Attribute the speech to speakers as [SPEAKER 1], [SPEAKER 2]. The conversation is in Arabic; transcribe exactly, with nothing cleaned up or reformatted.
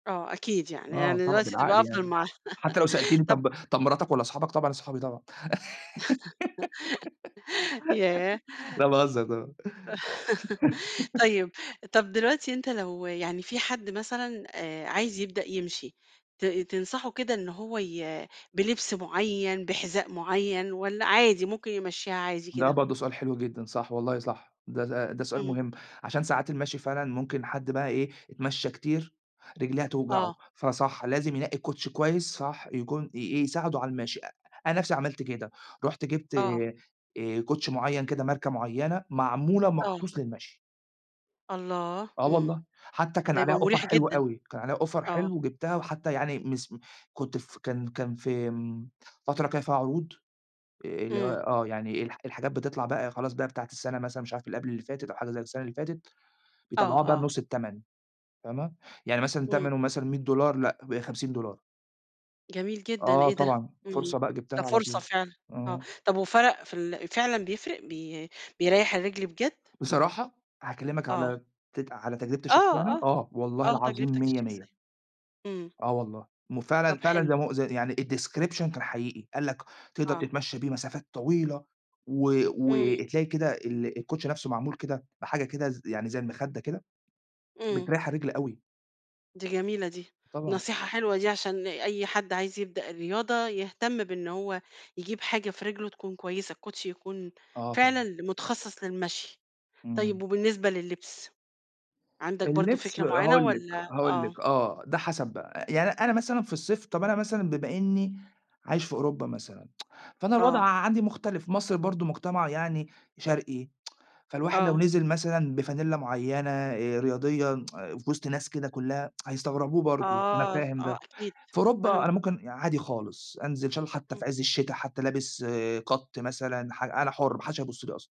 [SPEAKER 1] آه، أكيد يعني،
[SPEAKER 2] آه،
[SPEAKER 1] يعني
[SPEAKER 2] طبعًا،
[SPEAKER 1] دلوقتي تبقى
[SPEAKER 2] بالعقل
[SPEAKER 1] أفضل
[SPEAKER 2] يعني
[SPEAKER 1] مع
[SPEAKER 2] حتى لو سألتيني
[SPEAKER 1] طب
[SPEAKER 2] طب طب مراتك والّا صحابك؟ طبعًا صحابي طبعًا،
[SPEAKER 1] ياه!
[SPEAKER 2] لأ، باهزر طبعًا.
[SPEAKER 1] طيب. طب، دلوقتي أنت لو يعني في حد مثلًا آآ، عايز يبدأ يمشي، ت تنصحه كده إن هو ي بلبس معين، بحذاء معين، والّا عادي، ممكن يمشيها عادي
[SPEAKER 2] ده
[SPEAKER 1] كده؟
[SPEAKER 2] برضه سؤال حلو جدًا، صح، والله صح. ده ده ده سؤال
[SPEAKER 1] إمم.
[SPEAKER 2] مهم عشان ساعات المشي فعلًا ممكن حد بقى إيه، يتمشى كتير، رجليه هتوجعه،
[SPEAKER 1] آه.
[SPEAKER 2] فصح، لازم ينقي الكوتشي كويس، صح، يكون ي إيه، يساعده على المشي. أ أنا نفسي عملت كده، رُحت جِبت
[SPEAKER 1] آه.
[SPEAKER 2] آآ، كوتشي معيّن كده، ماركة معينة، معمولة
[SPEAKER 1] آه.
[SPEAKER 2] مخصوص للمشي.
[SPEAKER 1] الله،
[SPEAKER 2] آه
[SPEAKER 1] إمم.
[SPEAKER 2] والله، حتى كان
[SPEAKER 1] ده
[SPEAKER 2] عليها
[SPEAKER 1] يبقى
[SPEAKER 2] offer
[SPEAKER 1] مريح
[SPEAKER 2] حلو
[SPEAKER 1] جدًا.
[SPEAKER 2] أوي، كان عليها offer
[SPEAKER 1] آه.
[SPEAKER 2] حلو وجِبتها وحتى يعني مسم كنت ف كان كان في امم، فترة كان فيها عروض، آآ، اللي هي
[SPEAKER 1] إمم.
[SPEAKER 2] آه، يعني الح الحاجات بتطلع بقى خلاص بقى بتاعة السنة مثلًا مش عارف قبل اللي فاتت أو حاجة زي السنة اللي فاتت،
[SPEAKER 1] آه،
[SPEAKER 2] بيطلعوها بقى
[SPEAKER 1] آه.
[SPEAKER 2] بنُص التمن، فاهمة؟ يعني مثلًا
[SPEAKER 1] إمم.
[SPEAKER 2] تمنه مثلًا مِيّة دولار لأ بقي خمسين ولار.
[SPEAKER 1] جميل جدًا،
[SPEAKER 2] آه
[SPEAKER 1] إيه ده؟
[SPEAKER 2] طبعًا،
[SPEAKER 1] إمم،
[SPEAKER 2] فرصة بقى
[SPEAKER 1] ده
[SPEAKER 2] جِبتها على
[SPEAKER 1] فرصة
[SPEAKER 2] طول.
[SPEAKER 1] فعلًا، آه.
[SPEAKER 2] إمم.
[SPEAKER 1] طب، وفرق في ال فعلًا بيفرق بي بيريح الرجل بجد؟
[SPEAKER 2] بصراحة، هاكلمِك
[SPEAKER 1] آه.
[SPEAKER 2] على ت على تجربتي
[SPEAKER 1] آه،
[SPEAKER 2] الشخصية أنا،
[SPEAKER 1] آه.
[SPEAKER 2] آه، والله
[SPEAKER 1] آه،
[SPEAKER 2] العظيم
[SPEAKER 1] تجربتك
[SPEAKER 2] مِيَّة، مِيَّة،
[SPEAKER 1] الشخصية إمم.
[SPEAKER 2] آه، والله
[SPEAKER 1] طب،
[SPEAKER 2] وفعلًا فعلًا
[SPEAKER 1] حلو.
[SPEAKER 2] زي ما هو يعني الdescription كان حقيقي. قال لك تقدر
[SPEAKER 1] آه.
[SPEAKER 2] تتمشى بيه مسافات طويلة، و
[SPEAKER 1] إمم.
[SPEAKER 2] وتلاقي كده ال الكوتشي نفسه معمول كده بحاجة كده ز يعني زي المخدة كده،
[SPEAKER 1] إمم.
[SPEAKER 2] بتريح الرِجل أوي.
[SPEAKER 1] دي جميلة دي.
[SPEAKER 2] طبعًا.
[SPEAKER 1] نصيحة حلوة دي عشان أي حد عايز يبدأ الرياضة، يهتم بإن هو يجيب حاجة في رجله تكون كويسة. الكوشي يكون
[SPEAKER 2] آه،
[SPEAKER 1] فعلًا
[SPEAKER 2] طبعًا.
[SPEAKER 1] ل متخصص للمشي.
[SPEAKER 2] إمم.
[SPEAKER 1] طيب، وبالنسبة للبس؟ عندك برضه
[SPEAKER 2] اللبس،
[SPEAKER 1] فكرة معينة
[SPEAKER 2] هاقول لِك
[SPEAKER 1] والّا
[SPEAKER 2] هاقول
[SPEAKER 1] آه.
[SPEAKER 2] لِك آه، ده حسب بقى. أ يعني أنا مثلًا في الصيف طب، أنا مثلًا بما إني عايش في أوروبا مثلًا، فأنا الوضع
[SPEAKER 1] آه.
[SPEAKER 2] عندي مختلف، مصر برضه مجتمع يعني شرقي، فالواحد لو
[SPEAKER 1] آه.
[SPEAKER 2] نزل مثلًا بفانلة معينة آآ، رياضية في وسط ناس كده كلها هيستغربوه برضه، أنا
[SPEAKER 1] آه
[SPEAKER 2] فاهم
[SPEAKER 1] آه،
[SPEAKER 2] ده.
[SPEAKER 1] أكيد
[SPEAKER 2] في أوروبا أنا
[SPEAKER 1] فهمتك.
[SPEAKER 2] ممكن عادي خالص، أنزل إن شالله حتى
[SPEAKER 1] إمم.
[SPEAKER 2] في عز الشتا حتى لابس cut مثلًا ح أنا حُر، ما حدش هيبُص لي أصلًا.